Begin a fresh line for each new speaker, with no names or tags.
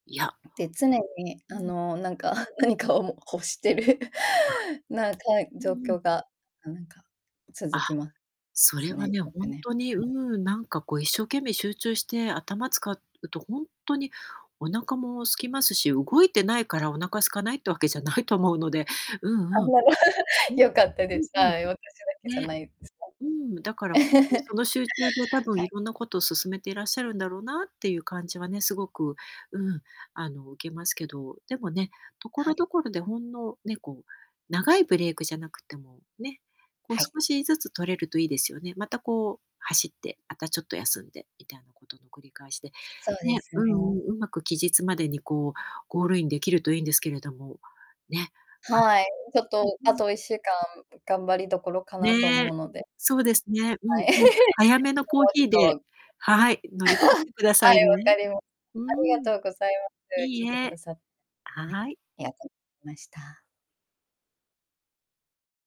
いや。
ん、で常に
う
あ
ん。
のなんか 何かをも欲してる
ああ。
なんかい
う
状
んうん。
況がなんか続
あ、
きま
そ
す
れは
ね、
ね、
よ
ほ
く
ん
ね、
とに、
は
う
い。
ーん、なんかこう一生懸命集中して頭使うと、ほんとにお腹も空きますし、動いてないからお腹空かないってわけじゃないと思うので、う
あ
んう
ん
ん。
まり、
うん、
よかった
う
です。
ん、うん。
はい、私だけじゃ
ね。
ないです。
うーん、だから、ん、とにそ の集中で多分
は
い
い。
ろんなことを進めていらっしゃるんだろうなっていう感じはね、すごく、うん、あの、受けますけど、でもね、
は
所
い。
々でほんのね、こう、長いブレイクじゃなくても、ね、こう
はい。
少しずつ取れるといいですよね。またこう走って、あたちょっと休んでみたいなことの繰り返しで、
そうで
ね、
す
うん
ね。
うん、上手く期日までにこうゴールインできるといんですけれども、ね。あ
はい。ちょっ
ん、
とあ
うん。
と1週間頑張りどころかなと
ね。
思うので。
そうですね、うん
はい。
うん。早めの
[unintelligible]
コー
もうち
ヒーで、
ょっと、
はい、乗り切って
[unintelligible]
くだ さ
は
い
い、わ
ね。
かりま
う
ありが
ーん。
とうございま
い
す。聞い
い
てくだ
え、
さっはい、
はい。
ありがとました。